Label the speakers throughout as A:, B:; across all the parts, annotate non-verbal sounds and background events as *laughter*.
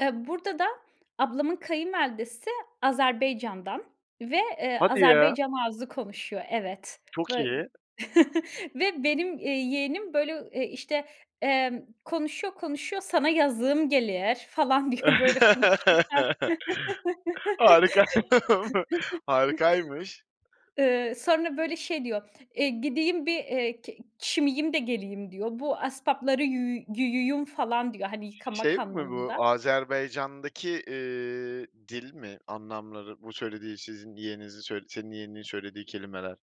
A: Eee, burada da ablamın kayınvalidesi Azerbaycan'dan ve, eee,
B: Hadi ya!
A: Azerbaycan ağzı konuşuyor. Evet.
B: Çok
A: Böy
B: iyi.
A: *chuckles* ve benim, eee, yeğenim, böyle, ııı, eee, işte, emm, konuşuyor konuşuyor: "Sana yazığım gelir." falan diyor böyle konuşurken.
B: *laughs* Harikaymı harikaymış.
A: *chuckles* Iıı, sonra, böyle, şey diyor: "Eee, gideyim bir, eee, k çimiyim de geleyim." diyor. "Bu aspapları yü güyüyum." falan diyor, hani,
B: Şey
A: yıkamak
B: mi bu?
A: anlamında.
B: Azerbaycan'daki, eee, dil mi? Anlamları bu söylediği sizin yeğeninizin söy senin yeğeninin söylediği kelimeler.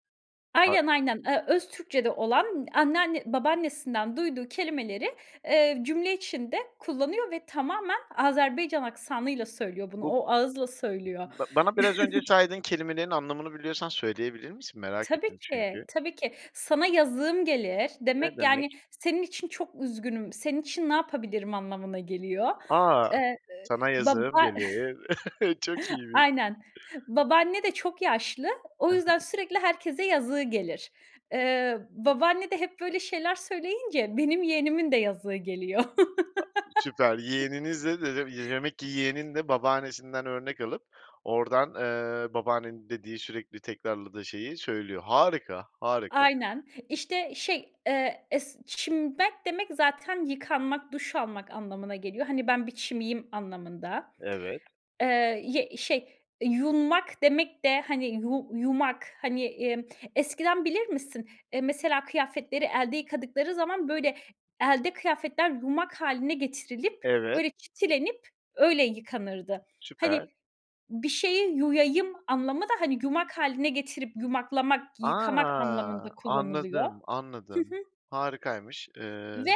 B: A
A: Aynen, aynen, ııı, öz Türkçe'de olan anneanne babaannesinden duyduğu kelimeleri, eee, cümle içinde kullanıyor ve tamamen Azerbaycan aksanıyla söylüyor bunu,
B: Bu
A: o ağızla söylüyor.
B: Ba bana biraz önce
A: *chuckles*
B: saydığın kelimelerin anlamını biliyorsan söyleyebilir misin? Merak
A: Tabii
B: ettim
A: ki,
B: çünkü.
A: tabii ki. "Sana yazığım gelir."
B: Ne
A: demek yani
B: demek?
A: senin için çok üzgünüm, senin için ne yapabilirim anlamına geliyor.
B: A!
A: Eee,
B: Sana
A: d baba
B: yazığım gelir. *chuckles* Çok
A: *chuckles*
B: iyiymiş.
A: Aynen. Babaanne de çok yaşlı. O
B: I hı.
A: yüzden sürekli herkese yazığı gelir. Eee, babaanne de hep böyle şeyler söyleyince benim yeğenimin de yazığı geliyor.
B: A süper.
A: *chuckles*
B: Yeğeninizle d d y demek ki yeğenin de babaannesinden örnek alıp oradan, eee, babaannenin dediği, sürekli tekrarladığı şeyi söylüyor. Harika!
A: A
B: Harika!
A: aynen. İşte, şey, eee, es ç çimmek demek zaten yıkanmak, duş almak anlamına geliyor. Hani, ben bir çimiyim anlamında.
B: Evet.
A: Eee, y şey, eee, yunmak demek de, hani, yu yumak hani, emm, eskiden bilir misin, eee, mesela kıyafetleri elde yıkadıkları zaman böyle elde kıyafetler yumak hâline getirilip
B: Evet
A: böyle çitilenip öyle yıkanırdı. Hani,
B: Süper.
A: bir şeyi yuyayım anlamı da, hani, yumak hâline getirip yumaklamak yıkamak anlamında
B: A!
A: kullanılıyor.
B: Anladım,
A: Hı hı.
B: anladım. Harikaymış.
A: Ve
B: Eee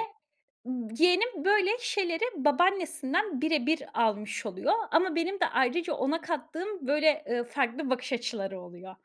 A: yeğenim böyle şeyleri babaannesinden bire bir almış oluyor ama benim de ayrıca ona kattığım böyle, eee, farklı bakış açıları oluyor.